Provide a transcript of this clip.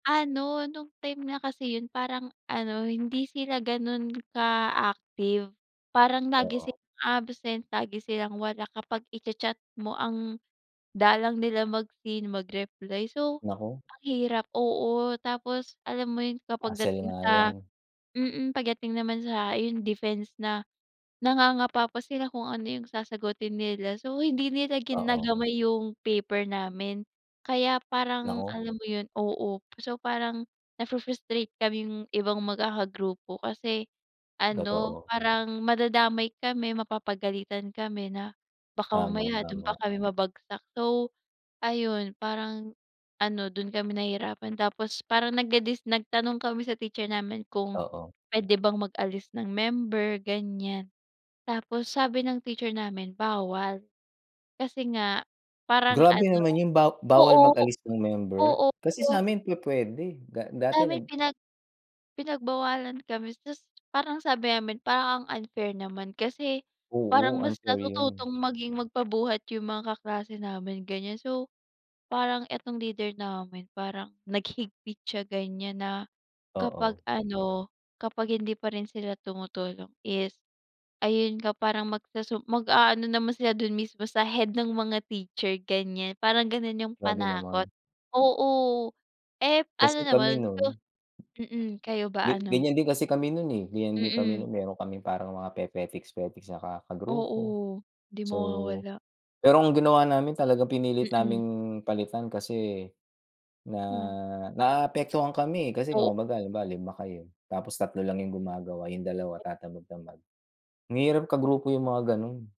Ano, nung time nga kasi yun, parang ano, hindi sila ganun ka active. Parang lagi Oo. silang absent, lagi silang wala, kapag i-chachat mo ang dalang nila mag-seen, mag-reply. So, Naku. ang hirap, oo, tapos alam mo yun, kapag Hassle dating nga yan. sa mm, pagdating naman sa ayon defense na, nangangapa pa sila kung ano yung sasagutin nila. So, hindi nila Oo. ginagamay yung paper namin. Kaya parang Naku. alam mo yun oo. So, parang nafu-frustrate kaming ibang magkakagrupo. Kasi ano, Totoo. parang madadamay kami, mapapagalitan kami na baka Tama, mamaya dun pa tama. kami mabagsak. So ayun, parang ano dun kami nahihirapan, tapos parang nagdedis nagtanong kami sa teacher namin kung Oo. pwede bang mag-alis ng member, ganyan. Tapos, sabi ng teacher namin bawal. Kasi nga parang Grabe ano naman yun, ba bawal oo, mag-alis ng member? oo. Kasi sa'min pupuwede, da dati Sa'min nag pinag pinagbawalan kami. Tas parang sabi namin, "Parang ang unfair naman. Kasi parang Oo, mas unfair natututong yun. maging magpabuhat yung mga kaklase namin." Ganyan. So, parang etong leader namin, parang naghigpit siya ganyan na kapag Oo. ano, kapag hindi pa rin sila tumutulong is ayun nga parang magsusum mag-aano naman sila dun mismo sa head ng mga teacher, ganyan. Parang ganon yung Grabe panakot. naman. Oo. Ep ano Kasi naman kami so nun mm. Kayo ba, gek ano? ganyan din kasi kami nun, eh. Ganyan din kami Mm. nun meron kaming parang mga pepetiks-petiks na ka kagrupo. Oo. 'Di So mawawala. pero ginawa namin talagang pinilit Mm. naming palitan kasi na Ah. naapektuhan kami, eh. Kasi Coop 'kumbaga, 5 kayo, tapos 3 lang yung gumagawa, yung 2 tatamad-tamad, ang hirap kagrupo yung mga ganun.